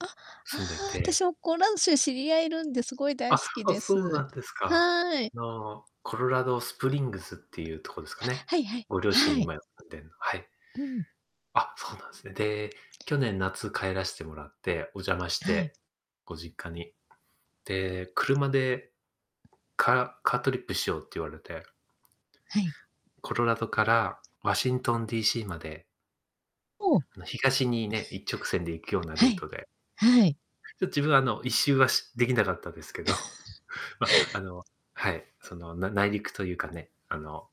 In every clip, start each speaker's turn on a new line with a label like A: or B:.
A: あ、あ
B: 住んで
A: あ、
B: て
A: 私もコロラド州知り合いいるんで、すごい大
B: あ、
A: 好き
B: あ、
A: で
B: そうな
A: す。
B: んですか。
A: はい。
B: あの、コロラドスプリングスっていうとこですか
A: は、
B: ね。
A: はいはい。
B: ご両親
A: はい。
B: 今住んでんの。はい。
A: うん。
B: あ、そうなんすね。で、去年、夏帰らしてもらって、お邪魔し
A: はい。
B: て、ご実家に。で、車で、カカートリップしようって言われて。
A: はい。
B: コロラドからワシントン D.C. まで。
A: おお。
B: あの東にね、一直線で行くよう な
A: は
B: ルー
A: い。
B: トで。
A: はい。
B: ちょっと自分はあの1周はしできなかったですけど。ま、あの、はい、その、な内陸というかね、あの、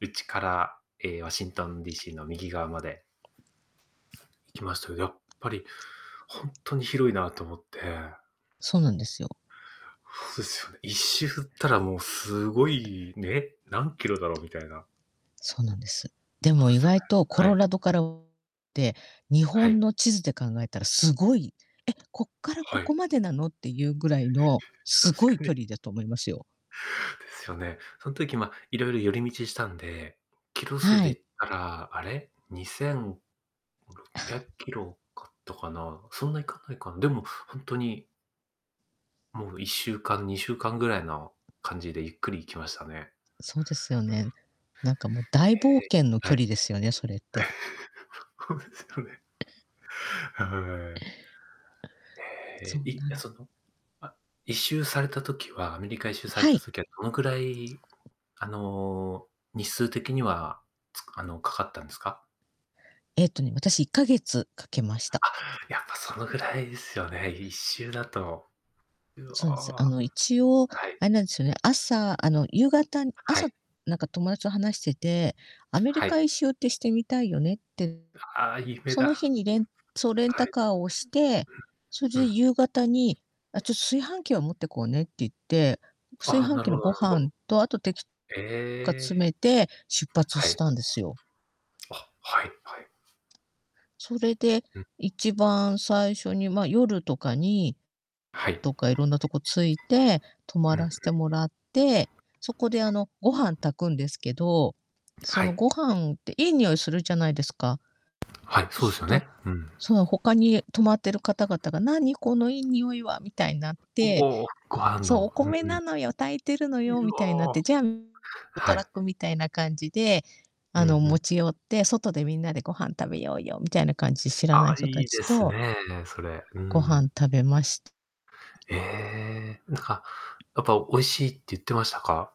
B: 内からええ、ワシントン D.C. の右側まで行きましたけど、やっぱりほんとに広いなと思って。
A: そうなんですよ。
B: そうですよね。1周ったらもうすごい、ね、何キロだろうみたいな
A: そうなんです。でも
B: あ、
A: 意
B: そうね。
A: 外とコ
B: は
A: ロ
B: い。
A: ラドからって、日
B: は
A: 本
B: い。
A: の地図で考えたらすごい、え、こっからこ
B: は
A: こ
B: い。
A: までなのっていうぐら いのす
B: 確
A: ご
B: か
A: い
B: に。
A: 距離だと思いますよ。
B: ですよね。そん時、ま、いろいろ寄り道したんで、キロ数
A: は
B: で
A: い。
B: 言ったら、あれ、にせんろっぴゃっ きろかったかな、そんないかないかな、でもほんとにもう1週間、2週間ぐらいの感じでゆっくり行きましたね。
A: そうですよね。なんかもう大冒
B: ええ、
A: 険の
B: は
A: 距
B: い。
A: 離ですよね、それって。
B: そうですよね。はい。
A: そう
B: へえ、い
A: な
B: あ、
A: ん
B: その、あ、1周されたときはアメリカ1周され
A: は
B: た
A: い。
B: ときはどのくらい、あの、日数的にはつ、あの、かかったんですか？
A: ええとね、私1ヶ月かけまし
B: あ、
A: た。
B: やっぱそのぐらいですよね、1周だと。う
A: そうなんです。あ
B: わ、
A: の一応
B: はい。
A: あれなんですよね、朝、あの、夕方、
B: あ、は
A: 朝
B: い。
A: なんか友達と話してて、「アメリ
B: は
A: カ
B: い。
A: 一周ってしてみたいよね」って
B: ああ、夢
A: その日
B: だ。
A: にレンそうレン
B: は
A: タ
B: い。
A: カーをして、それ
B: うん、う
A: で
B: ん。
A: 夕方に、「あ、ちょっと炊飯器を持ってこうね」って言って、炊
B: ああ、
A: 飯
B: なる
A: 器
B: ほ
A: の
B: ど
A: ご
B: なるほ
A: 飯
B: ど。
A: と、あとてきとか
B: え
A: 詰
B: え。
A: めて出発
B: は
A: し
B: い。
A: たんですよ。
B: あ、はいはい。
A: それで、
B: うん。
A: 一番最初にまあ夜とかに、
B: はい。
A: どっかいろんなとこ着いて、泊
B: う
A: ま
B: んうん。
A: らしてもらって、そこであのご飯炊くんですけど、そ
B: は
A: の
B: い。
A: ご飯っていい匂いするじゃないですか。
B: はい、そうで
A: す
B: す
A: っ
B: よ
A: と、
B: ね。うん。
A: その他に泊まってる方々が、「何、このいい匂いは？」みたいになって、
B: おお、ご飯
A: そう、「お
B: の。
A: 米
B: う
A: な
B: ん。
A: のよ、炊いてるの
B: う
A: よ」みたいになって、
B: お。
A: じゃあ
B: は
A: トラッ
B: い。
A: クみたいな感じで、
B: う
A: あの
B: んうん。
A: 持ち寄って、「外でみんなでご飯食べようよ」みたいな感じで知ら
B: あ
A: ない
B: あ、
A: 人
B: い
A: た
B: い
A: ち
B: です
A: と
B: ね、それ。う
A: ご
B: ん。
A: 飯食べました。
B: へえ。なんか、やっぱ、おいしいって言ってましたか？